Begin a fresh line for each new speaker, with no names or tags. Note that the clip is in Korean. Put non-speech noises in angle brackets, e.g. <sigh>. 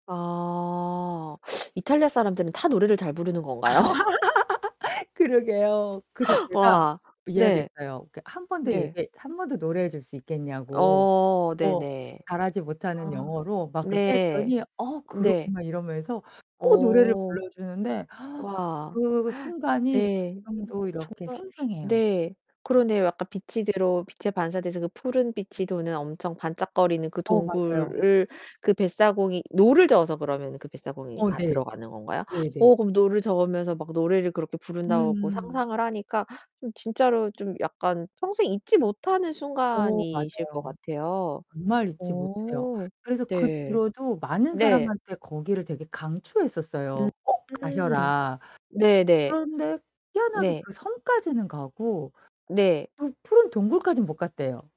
아 이탈리아 사람들은 다 노래를 잘 부르는
아
건가요?
<laughs> 그러게요. 그래서 제가
와,
이야기
네.
했어요. 그러니까 1 번 더 얘기
네.
1 번 더 노래해 줄 수 있겠냐고.
어
어.
네네.
잘하지 못하는
아
영어로 막 그렇게
네.
했더니 "어 그럼."
네.
막 이러면서 또 노래를
어.
불러주는데 <exhales>
와.
그
<gasps>
순간이
네.
지금도 이렇게
정말
생생해요.
네. 그러네요. 약간 빛이 들어 빛에 반사돼서 그 푸른 빛이 도는 엄청 반짝거리는 그
어, 맞아요.
동굴을 그 뱃사공이 노를 저어서 그러면 그 뱃사공이
어
가
네.
들어가는 건가요?
네네.
오 그럼 노를 저으면서 막 노래를 그렇게 부른다고
음.
상상을 하니까 으 진짜로 좀 약간 평생 잊지 못하는
어,
순간이실 것
맞아요.
같아요.
정말 잊지 못해요.
어
그래서 그
네.
뒤로도 많은
네.
사람한테 거기를 되게 강추했었어요. 꼭
음
가셔라.
네네.
그런데 희한하게
네.
그 섬까지는 가고
네.
또 푸른 동굴까지는 못 갔대요.